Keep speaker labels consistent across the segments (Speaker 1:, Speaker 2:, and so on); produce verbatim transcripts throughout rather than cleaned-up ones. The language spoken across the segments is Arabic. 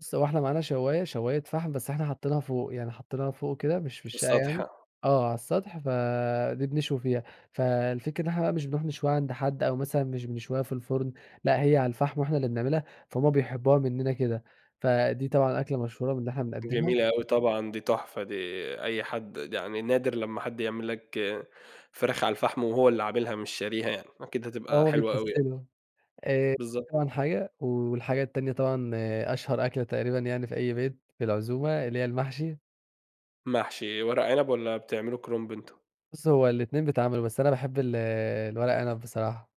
Speaker 1: بُصّ هو إحنا معانا شوّاية، شوّاية فحم، بس إحنا حاطّينها فوق، يعني حاطّينها فوق كده مش في الشقة يعني،
Speaker 2: السطح.
Speaker 1: آه، على السطح، فدي بنشوي فيها، فالفكرة إن إحنا بقى مش بنروح نشويها عند حد أو مثلًا مش بنشويها في الفرن، لأ هي على الفحم وإحنا اللي بنعملها، فهُم بيحبوها مننا كده، فدي طبعًا أكلة مشهورة من اللي إحنا بنقدّمها.
Speaker 2: جميلة أوي طبعًا، دي تُحفة دي أي حد يعني نادر لمّا حد يعمل لك فراخ على الفحم وهو اللي عاملها مش شاريها يعني، أكيد
Speaker 1: آه،
Speaker 2: هتبقى
Speaker 1: هُم
Speaker 2: حلوة أوي يع
Speaker 1: بيكَسّلوا، آآ، دي
Speaker 2: بالضبط.
Speaker 1: طبعًا حاجة، والحاجة التانية طبعًا أشهر أكلة تقريبًا يعني في أي بيت في العزومة، اللي هي المحشي.
Speaker 2: محشي إيه؟ ورق عنب والّا بتعملوا كرُنب أنتم؟
Speaker 1: بُصّ هو الاتنين بيتعملوا، بس أنا باحب ال الورق عنب بصراحة.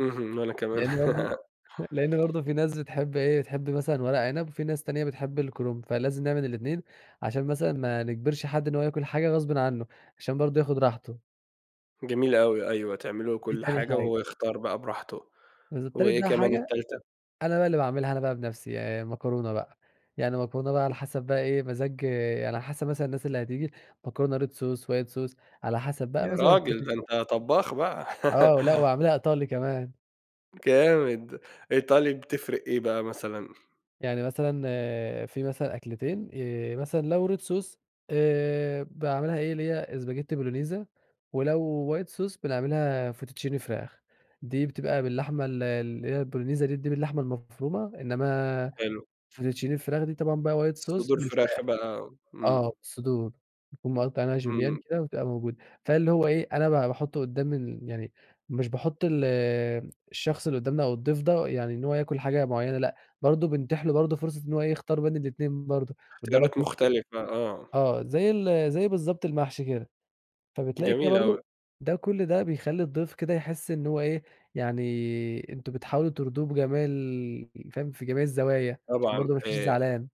Speaker 2: اهم، وأنا كمان.
Speaker 1: لأن برضو لأن برضو في ناس بتحب إيه بتحب مثلًا ورق عنب، وفي ناس تانية بتحب الكرُنب، فلازم نعمل الاتنين عشان مثلًا ما نجبرش حد إن هو ياكل حاجة غصبٍ عنُّه، عشان برضو ياخد راحته.
Speaker 2: جميل أوي أيوه، تعملوا
Speaker 1: دي
Speaker 2: كل
Speaker 1: تاني
Speaker 2: حاجة وهو
Speaker 1: حاجة.
Speaker 2: يختار بقى براحته،
Speaker 1: بالض تالت
Speaker 2: وإيه
Speaker 1: بقى
Speaker 2: كمان
Speaker 1: حاجة،
Speaker 2: التالتة؟
Speaker 1: أنا بقى اللي باعملها أنا بقى بنَفسي ي المكرونة بقى، يعني مكرونة بقى على حسب بقى إيه مزاج يعني على حسب مثلًا الناس اللي هتيجي، مكرونة red sauce، white sauce، على حسب بقى
Speaker 2: يا
Speaker 1: مثلًا
Speaker 2: راجل! ده
Speaker 1: [unintelligible]
Speaker 2: أنت طبّاخ بقى.
Speaker 1: آه لأ واعملها إيطالي كمان.
Speaker 2: جامد! إيطالي بتفرق إيه بقى مثلًا؟
Speaker 1: يعني مثلًا في مثلًا أكلتين ي مثلًا لو red sauce، آآ، باعملها إيه، اللي bolognesa spaghetti Bolognese، ولو white sauce بنعملها fettuccine فراخ، دي بتبقى باللحمة ال اللي هي bolognesa bolognese دي باللحمة المفرومة، إنما
Speaker 2: حلو.
Speaker 1: fettuccine الفراخ دي طبعًا بقى white sauce
Speaker 2: صدور فراخ
Speaker 1: بالفراخ.
Speaker 2: بقى،
Speaker 1: آه،
Speaker 2: امم.
Speaker 1: صدور نكون مقطّعينها julienne
Speaker 2: إمم.
Speaker 1: كده وبتبقى موجودة، فاللي هو إيه، أنا ب باحُطّه قدّام ال يعني مش باحط ال الشخص اللي قُدّامنا أو الضيف ده يعني إن هو ياكل حاجة معيّنة، لأ برضو بنتيح له برضو فرصة إن هو إيه يختار بين الاتنين برضو، قُدّامك
Speaker 2: اختيارات مختلفة،
Speaker 1: [unintelligible]
Speaker 2: آه.
Speaker 1: آه زي ال زي بالضبط المحشي كده، فبتلاقي كده
Speaker 2: جميل أوي.
Speaker 1: برضو ده كُلّ ده بيخَلّي الضيف كده يحس إن هو إيه يعني أنتم بتحاولوا ترضوه بجميع ال فاهم؟ في جميع الزوايا عشان
Speaker 2: طبعًا،
Speaker 1: برضو ما يمشيش
Speaker 2: آآ
Speaker 1: زعلان.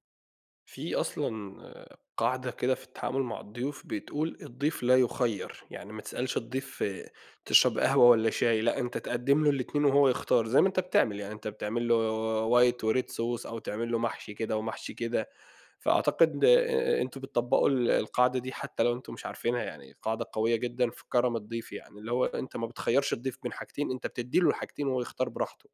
Speaker 2: في أصلًا قاعدة كده في التعامل مع الضيوف بتقول: "الضيف لا يُخَيّر"، يعني ما تسألش الضيف تشرب قهوة والّا شاي؟ لأ، أنت تقدّم له الاتنين وهو يختار زي ما أنت بتعمل يعني، أنت بتعمل له white وred sauce، أو تعمل له محشي كده ومحشي كده، فأعتقد آآ، أنتم بتطبّقوا ال القاعدة دي حتى لو أنتم مش عارفينها يعني، قاعدة قوية جدًا في كرم الضيف يعني، اللي هو أنت ما بتخيّرش الضيف بين حاجتين، أنت بتدّي له الحاجتين وهو يختار براحته.